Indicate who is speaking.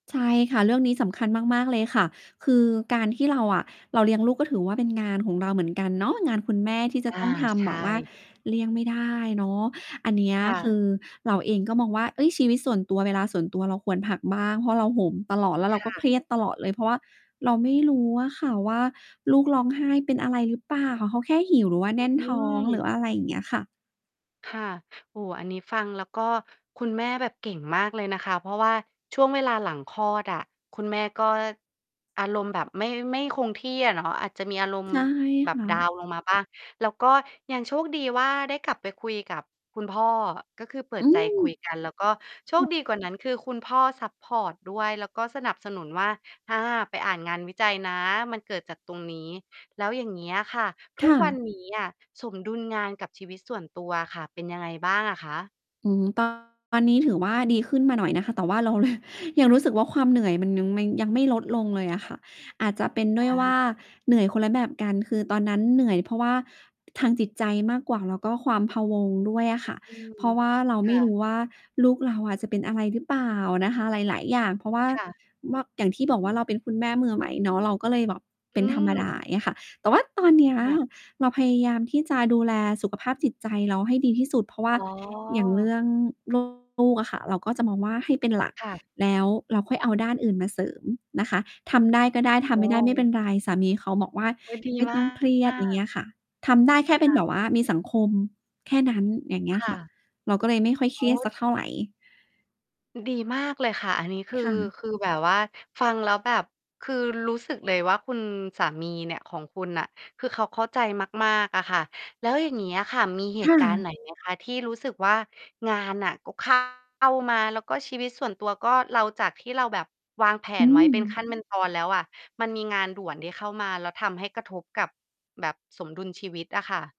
Speaker 1: ใช่ค่ะ เรื่องนี้สำคัญมาก ๆ เลยค่ะ คือการที่เราอะเราเลี้ยงลูก ก็ถือว่าเป็นงานของเราเหมือนกันเนาะ งานคุณแม่ที่จ
Speaker 2: อ
Speaker 1: ะ
Speaker 2: า
Speaker 1: ต้องท
Speaker 2: ใช
Speaker 1: ำแบบว่า
Speaker 2: ่
Speaker 1: เลี่ยงไม่ได้เนาะ อันเนี้ย
Speaker 2: ค่
Speaker 1: ค
Speaker 2: ะ
Speaker 1: ือเราเองก็มองว่า เฮ้ย ชีวิตส่วนตัว เวลาส่วนตัวเราควรพักบ้าง เพราะเราโหมตลอด แล้ว
Speaker 2: ค
Speaker 1: เรา
Speaker 2: ่
Speaker 1: ก็เ
Speaker 2: ะ
Speaker 1: ครียดตลอดเลย เพราะว่าเราไม่รู้อะค่ะว่า ลูกร้องไห้เป็นอะไรหรือเปล่าค่ะ? เขาแค่หิว หรือว่าแน่น
Speaker 2: อื
Speaker 1: ท้อง
Speaker 2: ม
Speaker 1: หรืออะไร? อย่างเงี้ยค่ะ
Speaker 2: ค่ะ โอ้โฮ อันนี้ฟังแล้วก็คุณแม่แบบเก่งมากเลยนะคะ เพราะว่าช่วงเวลาหลังคลอดอะ คุณแม่ก็อารมณ์แบบไม่ ไม่คงที่อะเนาะ อาจจะมี อารมณ
Speaker 1: ใ
Speaker 2: ์
Speaker 1: ช่
Speaker 2: แบ
Speaker 1: ค
Speaker 2: บ
Speaker 1: ่
Speaker 2: ดา
Speaker 1: ะ
Speaker 2: วน์ลงมาบ้าง แล้วก็ยังโชคดีว่า ได้กลับไปคุยกับคุณพ่อ ก็คือเปิ
Speaker 1: อื
Speaker 2: ดใจคุย
Speaker 1: ม
Speaker 2: กัน แล้วก็โช
Speaker 1: ค
Speaker 2: ค
Speaker 1: ่ะ
Speaker 2: ดีกว่านั้น คือคุณพ่อซัปพอร์ตด้วย แล้วก็สนับสนุนว่า "อา ไปอ่านงานวิจัยนะ มันเกิดจากตรงนี้" แล้วอย่างเงี้ยอะค่ะ ท
Speaker 1: ค
Speaker 2: ุก
Speaker 1: ่
Speaker 2: วั
Speaker 1: ะ
Speaker 2: นนี้อะสมดุลงานกับชีวิตส่วนตัวอะค่ะ เป็นยังไงบ้างอะคะ?
Speaker 1: อือฮึ ตอน นี้ถือว่าดีขึ้นมาหน่อยนะคะ แต่ว่า เรา ร ยังรู้สึกว่าความเหนื่อยมันยังไม่ ยังไม่ลดลงเลยอะค่ะ อาจจะเป็นด้ว
Speaker 2: อ
Speaker 1: ยว่า
Speaker 2: า
Speaker 1: เหนื่อยคนละแบบกัน คือตอนนั้นเหนื่อยเพราะว่าทางจิตใจมากกว่า แล้วก็ความพะวงด้วยอะค่ะ
Speaker 2: อืม
Speaker 1: เพราะว่าเรา
Speaker 2: ค
Speaker 1: ไม
Speaker 2: ่
Speaker 1: ่ร
Speaker 2: ะ
Speaker 1: ู้ว่าลูกเราอะจะเป็นอะไรหรือเปล่านะคะ หลาย ๆ อย่าง เพราะว่า
Speaker 2: ค่ะ
Speaker 1: ว่า อย่างที่บอกว่าเราเป็นคุณแม่มือใหม่เนาะ เราก็เลยแบบเ
Speaker 2: อ
Speaker 1: ป็
Speaker 2: ื
Speaker 1: นธรรมดา
Speaker 2: ม
Speaker 1: เงี้ยค่ะ แต่ว่าตอนเนี้ย
Speaker 2: ค่ะ
Speaker 1: เราพยายามที่จะดูแลสุขภาพจิตใจเราให้ดีที่สุด เพราะว่า
Speaker 2: อ๋
Speaker 1: อย่างเรื
Speaker 2: อ
Speaker 1: ่อง ลูก อะค่ะ เราก็จะมองว่าให้เป็นหลัก
Speaker 2: ค่ะ
Speaker 1: แล้วเราค่อยเอาด้านอื่นมาเสริมนะคะ ทำได้ก็ได้ ท
Speaker 2: โอ
Speaker 1: ำไม่ได้ไม่เป็
Speaker 2: ้
Speaker 1: นไร สามีเขาบอกว่า
Speaker 2: อุ๊ย ดี
Speaker 1: "ไม่
Speaker 2: มา
Speaker 1: ต้องเครียด" อย่างเงี
Speaker 2: ก
Speaker 1: ้ยค่ะ ทำได้แค่
Speaker 2: ค
Speaker 1: เป็
Speaker 2: ่
Speaker 1: นแบ
Speaker 2: ะ
Speaker 1: บว่ามีสังคมแค่นั้น อย่างเงี้
Speaker 2: ค
Speaker 1: ย
Speaker 2: ่
Speaker 1: ค่ะ
Speaker 2: ะ
Speaker 1: เราก็เลยไม่ค่อยเค
Speaker 2: โอ
Speaker 1: รียดสั
Speaker 2: ้
Speaker 1: กเท่าไร
Speaker 2: ดีมากเลยค่ะ อันนี้คือ
Speaker 1: ค่ะ
Speaker 2: คือแบบว่าฟังแล้วแบบ คือรู้สึกเลยว่าคุณสามีเนี่ย ของคุณน่ะ คือเขาเข้าใจมาก ๆ อะค่ะ แล้วอย่างงี้อะค่ะ มีเห
Speaker 1: ค
Speaker 2: ต
Speaker 1: ่
Speaker 2: ุการณ์
Speaker 1: ะ
Speaker 2: ไหน ไหม คะ? ที่รู้สึกว่างานน่ะก็ เข้า มา แล้วก็ชีวิตส่วนตัวก็ เรา จากที่เราแบบวางแผ
Speaker 1: อื
Speaker 2: นไว้เป็น
Speaker 1: ม
Speaker 2: ขั้น เป็นตอนแล้วอะ มันมีงานด่วนที่เข้ามาแล้วทำให้กระทบกับแบบสมดุลชีวิตอะค่ะ